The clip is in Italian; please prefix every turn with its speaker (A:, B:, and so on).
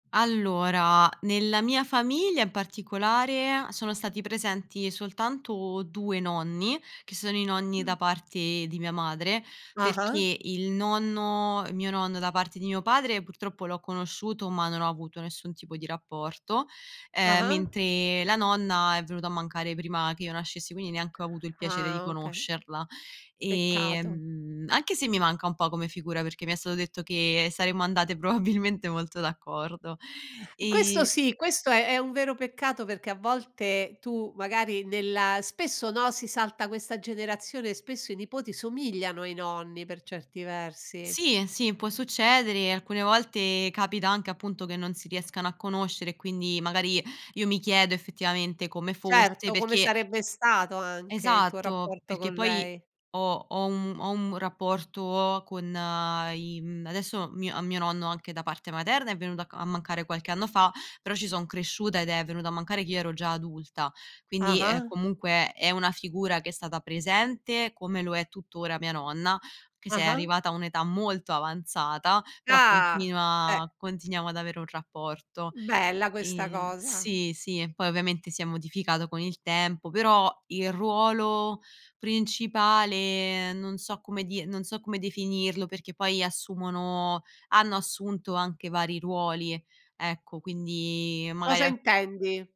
A: Allora, nella mia famiglia in particolare sono stati presenti soltanto 2 nonni, che sono i nonni da
B: Mh.
A: parte di mia madre,
B: Ah-ah.
A: perché il nonno mio nonno da parte di mio padre purtroppo l'ho conosciuto, ma non ho avuto nessun tipo di rapporto, ehm,
B: Ah-ah.
A: mentre la nonna è venuta a mancare prima che io nascessi, quindi neanche ho avuto il piacere di
B: Ah okay.
A: conoscerla.
B: Peccato.
A: Ehm, anche se mi manca un po' come figura, perché mi è stato detto che saremmo andate probabilmente molto d'accordo.
B: Questo
A: E
B: sì, questo è è un vero peccato, perché a volte tu magari nella spesso, no, si salta questa generazione e spesso i nipoti somigliano ai nonni per certi versi.
A: Sì, sì, può succedere. Alcune volte capita anche, appunto, che non si riescano a conoscere e quindi magari io mi chiedo effettivamente come fosse,
B: Certo, come
A: perché
B: sarebbe stato anche il tuo
A: Esatto,
B: rapporto
A: perché
B: con
A: poi
B: lei.
A: ho ho un ho un rapporto con i mhmm, adesso mio a mio anche da parte materna è venuto a mancare qualche anno fa, però ci son cresciuta ed è venuto a mancare che io ero già adulta. Quindi è
B: Ah-ah.
A: comunque, è una figura che è stata presente come lo è tuttora mia nonna, anche se è
B: Ah-ah.
A: arrivata a un'età molto avanzata, però
B: Ah, eh.
A: continua continuiamo ad avere un rapporto.
B: Bella questa
A: Ehm,
B: cosa.
A: sì, sì, poi ovviamente si è modificato con il tempo, però il ruolo principale, non so come dir non so come definirlo, perché poi assumono hanno assunto anche vari ruoli e ecco, quindi magari
B: Cosa
A: a
B: intendi?